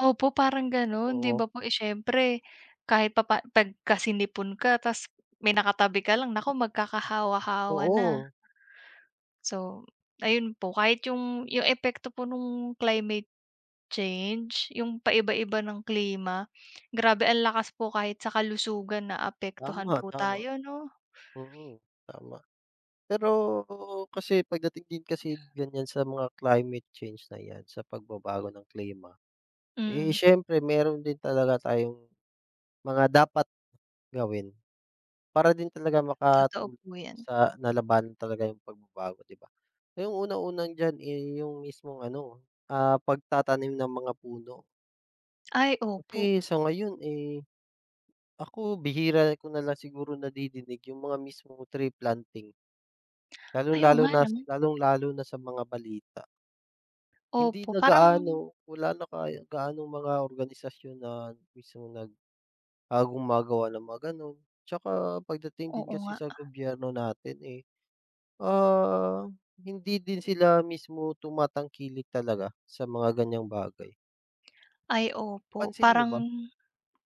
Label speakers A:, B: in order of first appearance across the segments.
A: Opo, parang gano'n. 'Di ba
B: Oo.
A: po, eh, syempre, kahit pa pa pagka sinipon ka tapos may nakatabi ka lang, naku, magkakahawa-hawa na.
B: Oo.
A: So, ayun po. Kahit yung yung epekto po nung climate change, yung paiba-iba ng klima, grabe ang lakas po kahit sa kalusugan naapektuhan
B: Tama,
A: po
B: tama.
A: tayo, 'no?
B: Mm, tama. Pero kasi pagdating din kasi ganyan sa mga climate change na 'yan, sa pagbabago ng klima, eh,
A: Mm.
B: siyempre, meron din talaga tayong mga dapat gawin para din talaga
A: Totoo
B: makatulong
A: po 'yan.
B: sa na lalabanan talaga yung pagbabago, 'di ba? Yung unang-una diyan, eh, yung mismong ano, ah, pagtatanim ng mga puno.
A: Ay, opo.
B: Kasi sa ngayon, eh, ako, bihira ko nalang siguro nadidinig yung mga mismong tree planting. Lalong
A: Ay, oo
B: lalo
A: nga
B: na s
A: 'no?
B: lalong lalo na sa mga balita. Hindi
A: Opo,
B: na
A: parang
B: gaano. Wala na kaya gaanong mga organisasyon na mismo nag, ah, gumagawa ng mga gano'n. Tsaka pagdating din
A: Oo
B: kasi
A: nga.
B: sa gobyerno natin, eh, ah, hindi din sila mismo tumatangkilik talaga sa mga ganyang bagay.
A: Ay, opo.
B: Pansin mo
A: Parang
B: ba?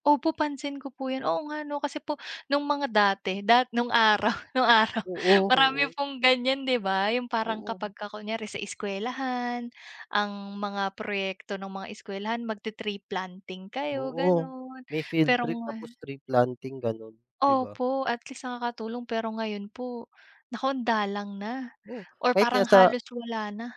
A: opo, pansin ko po yun. Oo nga 'no, kasi po nung mga dati, da nung araw, nung araw
B: Oo,
A: marami
B: oo.
A: pong ganyan, 'di ba? Yung parang
B: Oo.
A: kapag ka kunyari, sa eskuwelahan, ang mga proyekto ng mga eskuwelahan, mag-te-tree planting kayo
B: Oo,
A: ganun.
B: may field
A: Pero
B: trip
A: nga
B: tapos tree planting, ganun, 'di ba?
A: Opo. At least nakakatulong. Pero ngayon po, naku, andalang na
B: Oo,
A: or
B: kahit nga
A: parang
B: sa
A: halos wala na.